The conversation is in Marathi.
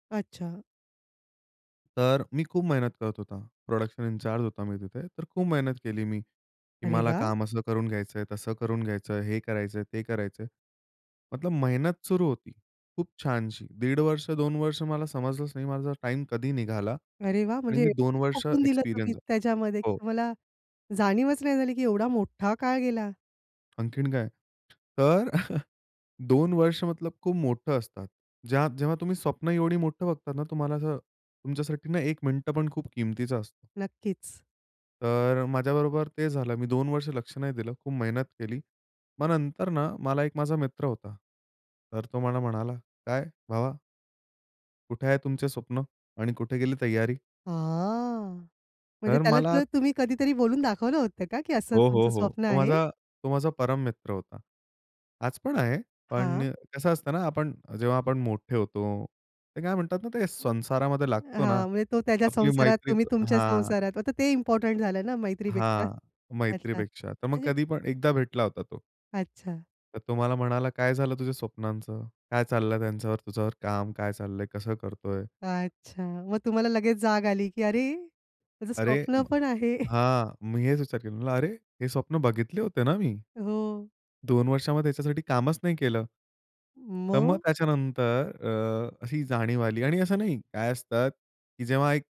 अच्छा. तर मी खूप मेहनत करत होतो. प्रोडक्शन इनचार्ज होतो मी तिथे. तर खूप मेहनत केली मी. की अरे मला वाह! काम असं करून घ्यायचंय, तसं करून घ्यायचंय. हे करायचंय, ते करायचंय. मतलब मेहनत सुरू होती. खूप छानशी 1.5 वर्ष, 2 वर्ष मला समजलंच नाही माझा टाईम कधी निघाला. अरे वाह! आणि म्हणजे मी 2 एवढं वर्ष झोकून दिलं तुम्ही एक्सपिरियन्स झालो. त्याच्यामध्ये, की हो. तुम्हाला जाणीवच नाही झाली, की एवढा मोठा काळ गेला. आणखीन काय? तर अ, 2 वर्ष मतलब खूप मोठं असतात. ज्या जेव्हा तुम्ही स्वप्न एवढी मोठं बघतात ना, तुम्हाला असं तुमच्यासाठी ना एक मिनिटं पण खूप किमतीचा असतो. नक्कीच. तर अ, माझ्याबरोबर ते झालं मी 2 वर्ष लक्ष नाही दिलं खूप मेहनत केली. मग नंतर ना, मला एक माझा मित्र होता. तर तो मला म्हणाला, "काय भावा" "कुठे आहे तुमचं स्वप्न आणि कुठे गेली तयारी?" हां. म्हणजे तर त्याला मला ते तुम्ही कधीतरी बोलून दाखवलं होतं का की असं हो, हो, तुमचं हो. स्वप्न तो आहे? माझा तो माझा परम मित्र होता. आज पण आहे. पण हां. अ, कसं असतं ना, आपण जेव्हा आपण मोठे होतो. ते काय म्हणतात ना ते संसारामध्ये लागतो ना, हां. म्हणजे तो त्याच्या आपली संसारात, मैत्री तुम्ही तुमच्या हां. संसारात. आता ते इम्पोर्टंट झालं ना मैत्रीपेक्षा? हां. अच्छा. मैत्रीपेक्षा. तर मग म्हणजे कधी पण एकदा भेटला होता तो. अच्छा. तर तो मला म्हणाला, "काय झालं तुझ्या स्वप्नांचं? काय चाललंय त्यांच्यावर त्याच्यावर काम काय चाललंय? कसं करतोय?" अच्छा. मग तुम्हाला लगेच जाग आली, की अरे माझं अरे स्वप्न [unintelligible] पण आहे. हां, मी हेच विचार केला. म्हटलं, "अरे! हे स्वप्न बघितले होते ना मी? हो. 2 वर्षामध्ये ह्याच्यासाठी कामच नाही केलं." तर मग मग? त्याच्यानंतर अ, अशी जाणीव आली. आणि असं नाही, काय असतं, की जेव्हा एक